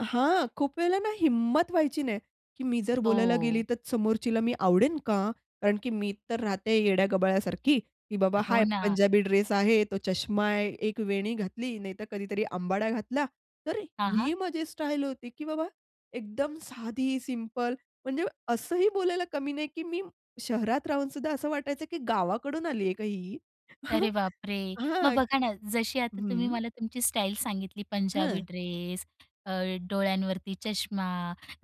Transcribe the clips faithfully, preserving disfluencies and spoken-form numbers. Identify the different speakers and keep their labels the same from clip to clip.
Speaker 1: हां. खूप वेळेला ना हिम्मत व्हायची नाही, की मी जर बोलायला गेली
Speaker 2: हो.
Speaker 1: तर समोरचीला मी आवडेन का? कारण की मी तर राहते येड्या गबाळ्यासारखी की बाबा हा
Speaker 2: हो ना.
Speaker 1: पंजाबी ड्रेस आहे, तो चष्मा आहे, एक वेणी घातली. नाहीतर कधीतरी अंबाडा घातला. तर
Speaker 2: हां,
Speaker 1: ही
Speaker 2: हां.
Speaker 1: माझी स्टाईल होती की बाबा एकदम साधी, सिंपल. म्हणजे असंही बोलायला कमी नाही की मी शहरात राहूनसुद्धा, असं वाटायचं की गावाकडून आलीये का ही?
Speaker 2: अरे बापरे! मग
Speaker 1: हां.
Speaker 2: बघा ना जशी आता तुम्ही
Speaker 1: हं.
Speaker 2: मला तुमची स्टाईल सांगितली पंजाबी
Speaker 1: हां.
Speaker 2: ड्रेस, अ, डोळ्यांवरती चष्मा,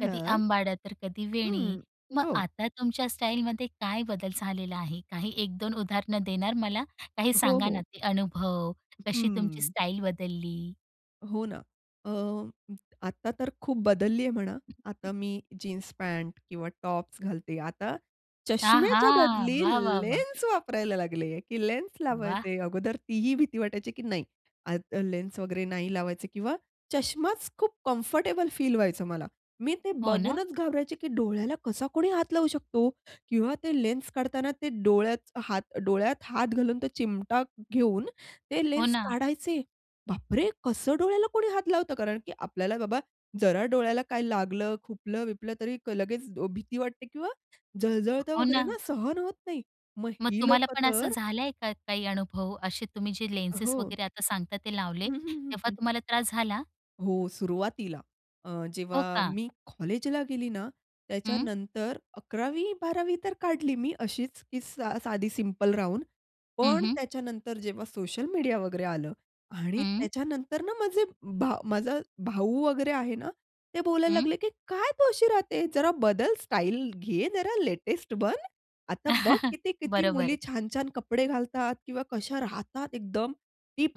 Speaker 2: कधी
Speaker 1: हां.
Speaker 2: अंबाडा तर कधी वेणी.
Speaker 1: हं,
Speaker 2: मग
Speaker 1: हो.
Speaker 2: आता तुमच्या स्टाईलमध्ये काय बदल झालेला आहे? काही एक-दोन उदाहरणं देणार मला? काही
Speaker 1: हो,
Speaker 2: सांगा ना
Speaker 1: हो.
Speaker 2: ते अनुभव?
Speaker 1: [unintelligible]
Speaker 2: कशी तुमची
Speaker 1: हं.
Speaker 2: स्टाईल बदलली?
Speaker 1: हो ना. अ, आता तर खूप बदलली आहे म्हणा. आता मी जीन्स, पॅन्ट किंवा टॉप्स घालते. आता
Speaker 2: आहा!
Speaker 1: चष्म्याच्या बदली
Speaker 2: वाह, वाह, वाह!
Speaker 1: लेन्स वापरायला लागले की लेन्स
Speaker 2: वाह!
Speaker 1: लावायचे. अगोदर ती ही भीती वाटायची की नाही आता लेन्स वगैरे नाही लावायचे किंवा चष्माच खूप कम्फर्टेबल फील व्हायचं मला. मी ते
Speaker 2: हो ना?
Speaker 1: बघूनच घाबरायचे की डोळ्याला कसा कोणी हात लावू शकतो किंवा ते लेन्स काढताना ते डोळ्यात हात डोळ्यात हात घालून, तो चिमटा घेऊन ते
Speaker 2: हो
Speaker 1: लेन्स
Speaker 2: ना.
Speaker 1: काढायचे? बाप रे! कसं डोळ्याला कोणी हात लावतं कारण की आपल्याला बाबा जरा डोळ्याला काय लागलं, खुपलं-बिपलं तरी लगेच भीती वाटते किंवा जळजळतं
Speaker 2: हो
Speaker 1: वगैरे ना.
Speaker 2: ना.
Speaker 1: सहन होत नाही. मग
Speaker 2: मग
Speaker 1: ही
Speaker 2: तुम्हाला
Speaker 1: लोकं
Speaker 2: पण असं
Speaker 1: तर
Speaker 2: झालंय का काही अनुभव, असे तुम्ही जे
Speaker 1: अ,
Speaker 2: लेन्सेस
Speaker 1: हो.
Speaker 2: वगैरे आता सांगता ते लावले
Speaker 1: हं, हं, हं,
Speaker 2: तेव्हा
Speaker 1: हं.
Speaker 2: तुम्हाला त्रास झाला?
Speaker 1: हो. सुरुवातीला अ,
Speaker 2: हो
Speaker 1: जेव्हा
Speaker 2: का?
Speaker 1: मी कॉलेजला गेली ना
Speaker 2: हं.
Speaker 1: त्याच्यानंतर अकरावी बारावी तर काढली मी अशीच की सा साधी सिंपल राहून
Speaker 2: हं,
Speaker 1: पण
Speaker 2: हं.
Speaker 1: त्याच्यानंतर जेव्हा सोशल मीडिया वगैरे आलं आणि
Speaker 2: हं.
Speaker 1: त्याच्यानंतर ना माझे माझा भाऊ वगैरे आहे ना, ते बोलायला
Speaker 2: हं.
Speaker 1: लागले की "काय तू अशी राहते? जरा बदल. स्टाईल घे जरा, लेटेस्ट बन." आता बघ, किती-किती मुली,
Speaker 2: बरोबर.
Speaker 1: छान-छान कपडे घालतात किंवा कशा राहतात एकदम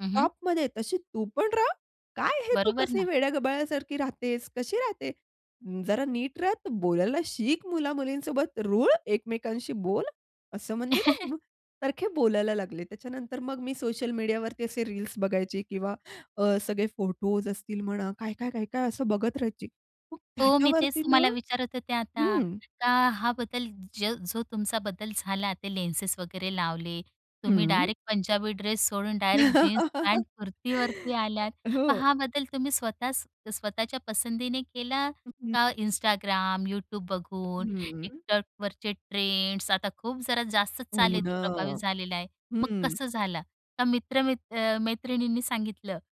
Speaker 2: हं, हं.
Speaker 1: तशी तू पण रहा. काय हे तू
Speaker 2: बरोबर
Speaker 1: कसं
Speaker 2: ना?
Speaker 1: वेड्या-गबाळ्यासारखी राहतेस? कशी राहते? जरा नीट रहा. बोलायला शिक मुला-मुलींसोबत. रुळ एकमेकांशी बोल." असं म्हणजे ना मग सारखे बोलायला लागले, त्याच्यानंतर मग मी सोशल मीडियावरती असे रील्स बघायचे किंवा अ, सगळे फोटोस असतील म्हणा काय-काय, काय-काय असं बघत राहायची. मग
Speaker 2: हो. मी तेच
Speaker 1: त्याच्यावरती ना.
Speaker 2: तुम्हाला विचारत होते आता.
Speaker 1: हं.
Speaker 2: का हा बदल ज जो तुमचा बदल झाला ते लेन्सेस वगैरे लावले. तुम्ही
Speaker 1: हं.
Speaker 2: डायरेक्ट पंजाबी ड्रेस सोडून डायरेक्ट जीन्स, पॅन्ट, कुर्तीवरती आल्यात. मग
Speaker 1: हो.
Speaker 2: हा बदल तुम्ही स्वतःच स्वतःच्या पसंतीने केला
Speaker 1: [unintelligible]
Speaker 2: का Instagram, Youtube बघून,
Speaker 1: हं, हं.
Speaker 2: Tiktokवरचे ट्रेंड्स. आता खूप जरा जास्तच चालू
Speaker 1: हो
Speaker 2: आहे, ते प्रभावित
Speaker 1: ना.
Speaker 2: झालेलं आहे. मग
Speaker 1: हं.
Speaker 2: कसं झालं? का मित्र म अ, मैत्रिणींनी सांगितलं?